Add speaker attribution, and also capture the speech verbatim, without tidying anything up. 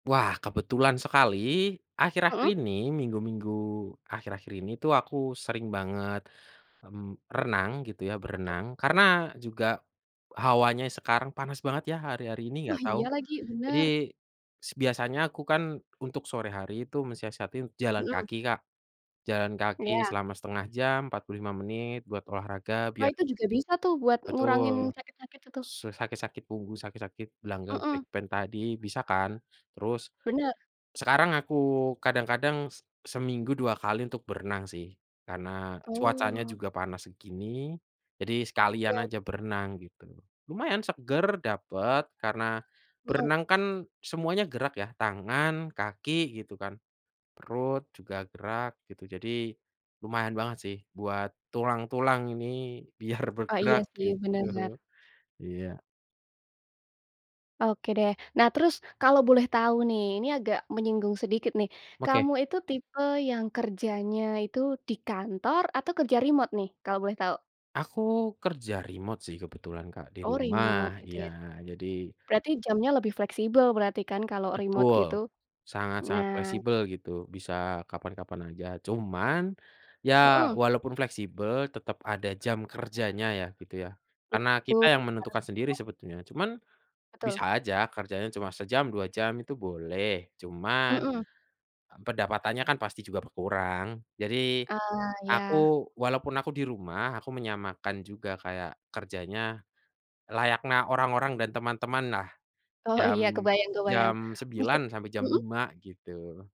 Speaker 1: Wah, kebetulan sekali akhir-akhir
Speaker 2: Mhm.
Speaker 1: ini, minggu-minggu akhir-akhir ini tuh aku sering banget, mmm, renang gitu ya,
Speaker 2: Apa tuh?
Speaker 1: berenang. Karena juga hawanya sekarang panas banget ya, hari-hari ini,
Speaker 2: Wah,
Speaker 1: enggak tahu.
Speaker 2: iya lagi,
Speaker 1: Jadi
Speaker 2: bener.
Speaker 1: s biasanya aku kan untuk sore hari itu mensiasatin jalan
Speaker 2: Mhm.
Speaker 1: kaki Kak, jalan kaki
Speaker 2: Iya.
Speaker 1: selama setengah jam, empat puluh lima menit buat olahraga
Speaker 2: Wah,
Speaker 1: biar
Speaker 2: itu juga bisa tuh, buat ngurangin
Speaker 1: Betul,
Speaker 2: sakit-sakit itu.
Speaker 1: su sakit-sakit punggung, sakit-sakit gelanggang
Speaker 2: Mhm.
Speaker 1: back pain tadi, bisa kan. Terus,
Speaker 2: Bener.
Speaker 1: sekarang aku kadang-kadang se seminggu dua kali untuk berenang sih, karena cuacanya
Speaker 2: Oh.
Speaker 1: juga panas segini, jadi sekalian
Speaker 2: Iya.
Speaker 1: aja berenang gitu. Lumayan seger dapet, karena
Speaker 2: Mhm.
Speaker 1: berenang kan semuanya gerak ya, tangan, kaki gitu kan, perut juga gerak gitu, jadi lumayan banget sih, buat tulang-tulang ini biar
Speaker 2: Oh, iya
Speaker 1: bergerak
Speaker 2: sih, bener.
Speaker 1: gitu, iya.
Speaker 2: Oke deh. Nah terus, kalau boleh tahu nih, ini agak menyinggung sedikit nih.
Speaker 1: Oke.
Speaker 2: Kamu itu tipe yang kerjanya itu di kantor atau kerja remote nih, kalau boleh tahu?
Speaker 1: Aku kerja remote sih, kebetulan Kak, di
Speaker 2: Oh
Speaker 1: rumah,
Speaker 2: remote gitu
Speaker 1: iya,
Speaker 2: ya,
Speaker 1: jadi
Speaker 2: berarti jamnya lebih fleksibel berarti kan, kalau remote gitu?
Speaker 1: Betul, sangat-sangat
Speaker 2: Nah
Speaker 1: fleksibel gitu, bisa kapan-kapan aja. Cuman, ya
Speaker 2: Mhm.
Speaker 1: walaupun fleksibel, tetap ada jam kerjanya ya, gitu ya. Karena
Speaker 2: Itu
Speaker 1: kita yang menentukan
Speaker 2: harus
Speaker 1: sendiri
Speaker 2: dong.
Speaker 1: sebetulnya, cuman
Speaker 2: Betul.
Speaker 1: bisa aja kerjanya cuma sejam, dua jam itu boleh, cuman,
Speaker 2: Mhm.
Speaker 1: eee, pendapatannya kan pasti juga berkurang. Jadi,
Speaker 2: Ah,
Speaker 1: aku
Speaker 2: iya.
Speaker 1: walaupun aku di rumah, aku menyamakan juga kayak kerjanya layakna orang-orang dan teman-teman lah,
Speaker 2: Oh,
Speaker 1: jam
Speaker 2: iya, kebayang-kebayang,
Speaker 1: jam sembilan
Speaker 2: usut
Speaker 1: sampai jam
Speaker 2: mhm?
Speaker 1: lima gitu.